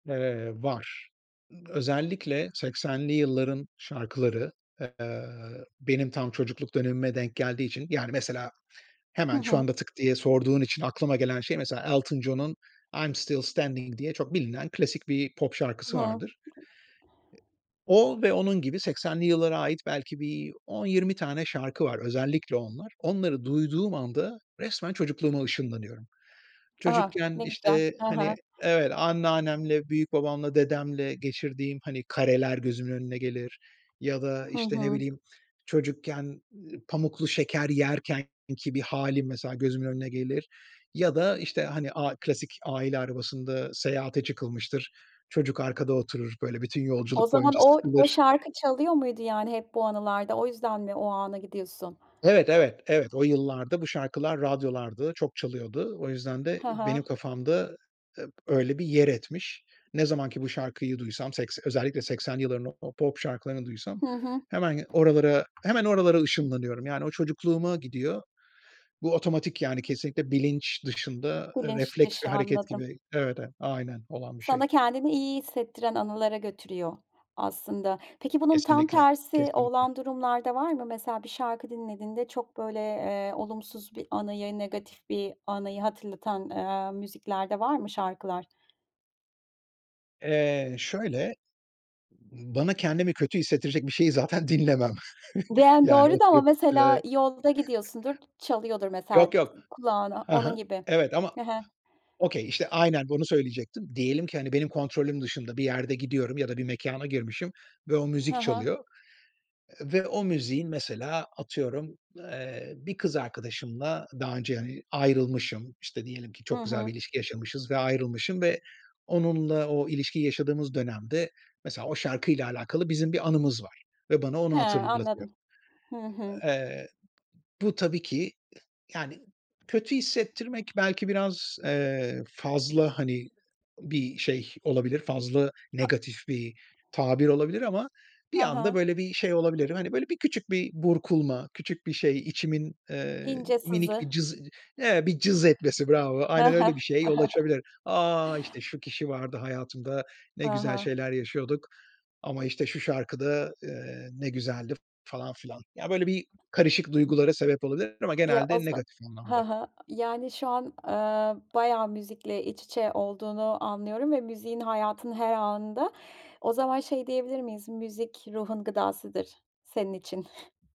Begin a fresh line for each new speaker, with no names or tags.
Eee, var. Iıı, özellikle 80'li yılların şarkıları, eee, benim tam çocukluk dönemime denk geldiği için...Yani, mesela
Hı
hemen şu
hı.
anda tık diye sorduğun için aklıma gelen şey, mesela: Elton John'un "I'm Still Standing" diye çok bilinen klasik bir pop
Hı
şarkısı
hı.
vardır. E o ve onun gibi 80'li yıllara ait belki bir 10-20 tane şarkı var, özellikle onlar. Onları duyduğum anda resmen çocukluğuma ışınlanıyorum.
A!
Çocukken,
Ne güzel.
işte,
Hı
hani
hı.
evet, anneannemle, büyükbabamla, dedemle geçirdiğim, hani, kareler gözümün önüne gelir. Ya da,
Hı
işte, ne
hı.
bileyim, çocukken pamuklu şeker yerkenki bir hâlim mesela gözümün önüne gelir. Ya da, işte, hani a klasik aile arabasında seyahate çıkılmıştır, çocuk arkada oturur, böyle, bütün
O
yolculuk
zaman
boyunca
o o
sıkılır.
şarkı çalıyor muydu yani hep bu anılarda? O yüzden mi o ana gidiyorsun?
Evet, evet, evet. O yıllarda bu şarkılar radyolardı, çok çalıyordu. O yüzden de
Hı
benim
hı.
kafamda, ııı, öyle bir yer etmiş. Ne zaman ki bu şarkıyı duysam sekse özellikle 80 yılların o pop şarkılarını duysam
Hı hı.
hemen ge oralara, hemen oralara ışınlanıyorum. Yani, o çocukluğuma gidiyor. Bu otomatik yani, kesinlikle bilinç dışında
Bilinç
refleks ve
dışı
hareket
anladım.
gibi. Evet, e aynen, olan bir şey.
Sana kendini iyi hissettiren anılara götürüyor aslında. Peki bunun tam
Kesinlikle,
tersi
kesinlikle.
olan durumlarda var mı? Mesela bir şarkı dinlediğinde çok, böyle, eee, olumsuz bir anıyı, negatif bir anıyı hatırlatan, eee, müzikler de var mı şarkılar?
Eee, şöyle: Bana kendimi kötü hissettirecek bir şeyi zaten dinlemem.
Diyen
Yani
doğru da ama
oturup,
mesela
ııı
yolda gidiyorsundur, çalıyordur mesela
Yok yok.
kulağına.
Ha
Onun
ha.
gibi.
Evet ama,
Hı hı.
okay işte, aynen bunu söyleyecektim. Diyelim ki, hani, benim kontrolüm dışında bir yerde gidiyorum ya da bir mekâna girmişim ve o
Hı
müzik
hı.
çalıyor. Ve o müziğin, mesela atıyorum, eee, bir kız arkadaşımla daha önce, hani, ayrılmışım. İşte, diyelim ki
Hı
çok güzel bir
hı.
ilişki yaşamışız ve ayrılmışım. Ve onunla o ilişkiyi yaşadığımız dönemde mesela o şarkıyla alakalı bizim bir anımız var. Ve bana onu
He,
hatırlatıyor.
anladım. Hı hı.
Eee, bu tabii ki, yani, kötü hissettirmek belki biraz, eee, fazla, hani, bir şey olabilir, fazla
A
negatif bir tabir olabilir ama bir
Ha ha.
anda böyle bir şey olabilirim. Hani, böyle, bir küçük bir burkulma, küçük bir şey, içimin, eee,
İnce
minik
sızı.
bir cız evet, bir cız etmesi bravo,
He
aynen
he.
öyle bir şeye yol açabilir. "A! İşte, şu kişi vardı hayatımda, ne
Ha
güzel
ha.
şeyler yaşıyorduk ama, işte, şu şarkı da, eee, ne güzeldi." falan filan. Ya, böyle bir karışık duygulara sebep olabilir ama
Ya o
genelde
za
negatif
hı
anlamda.
hı. Yani, şu an, eee, bayağı müzikle iç içe olduğunu anlıyorum ve müziğin hayatının her anında. O zaman şey diyebilir miyiz, müzik ruhun gıdasıdır senin için?